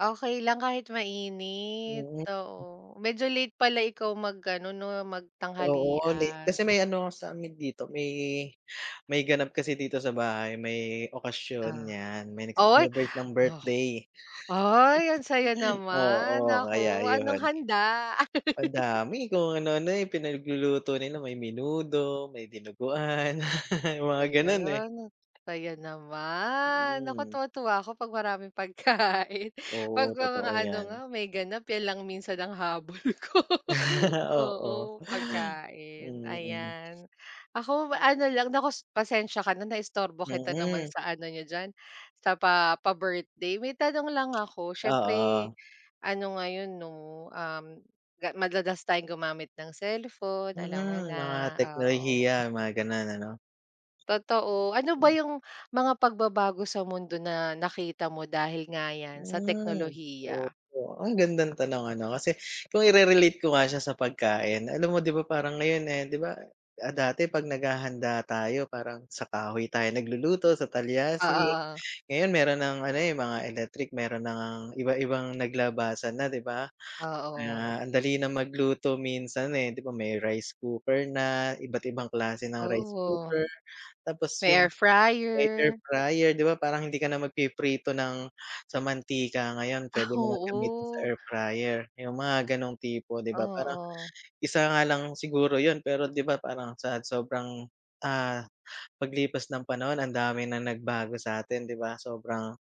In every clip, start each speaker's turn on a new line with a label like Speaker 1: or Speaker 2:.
Speaker 1: Okey lang kahit mainit
Speaker 2: Mm.
Speaker 1: oo, medyo late pala ikaw mag ano 'no
Speaker 2: Oo, ni kasi
Speaker 1: magtanghalian.
Speaker 2: may ano sa'min dito may may ganap kasi dito sa bahay, may okasyon
Speaker 1: Ah,
Speaker 2: yan may
Speaker 1: uy,
Speaker 2: nagce-celebrate ng
Speaker 1: oh,
Speaker 2: birthday.
Speaker 1: ay ang saya naman
Speaker 2: Oo, kaya
Speaker 1: naku anong
Speaker 2: ayun.
Speaker 1: handa?
Speaker 2: Madami kung ano-ano eh, pinagluluto nila may menudo, may dinuguan mga ganun eh.
Speaker 1: Ayan, kaya naman naku
Speaker 2: Mm.
Speaker 1: tuwa tuwa ako 'pag maraming pagkain 'pag
Speaker 2: Oo,
Speaker 1: may
Speaker 2: totoo
Speaker 1: mga ano nga
Speaker 2: yan.
Speaker 1: may ganap 'yan lang minsan ang habol ko
Speaker 2: Oo,
Speaker 1: oo pagkain,
Speaker 2: mm.
Speaker 1: ayan, ako ano lang naku pasensiya ka na naistorbo kita naman
Speaker 2: Mm.
Speaker 1: sa ano n'yo diyan, sa pa pa-birthday may tanong lang ako siyempre
Speaker 2: Oo.
Speaker 1: ano ngayon 'no, um, ga madalas tayong gumamit ng cellphone alam mo
Speaker 2: Mm,
Speaker 1: na,
Speaker 2: mga
Speaker 1: oo.
Speaker 2: teknolohiya mga ganun ano?
Speaker 1: Totoo ano ba yung mga pagbabago sa mundo na nakita mo dahil nga yan sa
Speaker 2: Hmm,
Speaker 1: teknolohiya?
Speaker 2: oo, ang gandang tanong ano kasi kung irerelate ko nga siya sa pagkain, alam mo di ba parang ngayon eh, di ba, ah, dati pag naghahanda tayo parang sa kahoy tayo nagluluto sa
Speaker 1: Oo,
Speaker 2: talyasi,
Speaker 1: oo.
Speaker 2: ngayon meron ng ano eh mga electric meron na ngang iba-ibang naglabasan na di ba
Speaker 1: Ah, oh.
Speaker 2: na ang dali na magluto minsan eh di ba may rice cooker na iba't ibang klase ng rice
Speaker 1: Oo.
Speaker 2: cooker tapos
Speaker 1: May
Speaker 2: yung,
Speaker 1: air
Speaker 2: air
Speaker 1: fryer.
Speaker 2: fryer d iba parang hindi ka na magpiprito ng sa mantika ngayon
Speaker 1: Ah,
Speaker 2: pwede mo ng gamitin sa
Speaker 1: oo.
Speaker 2: air fryer, yung mga ganong tipo di ba parang
Speaker 1: Oo.
Speaker 2: isa nga lang siguro yun pero di ba parang sa sobrang, ah, paglipas ng panahon ang dami ng nagbago sa atin di ba sobrang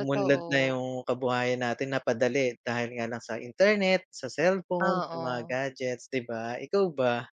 Speaker 2: umunlad na yung kabuhayan natin napadali dahil nga lang sa internet, sa cellphone sa mga
Speaker 1: Oo.
Speaker 2: gadgets di ba ikaw ba?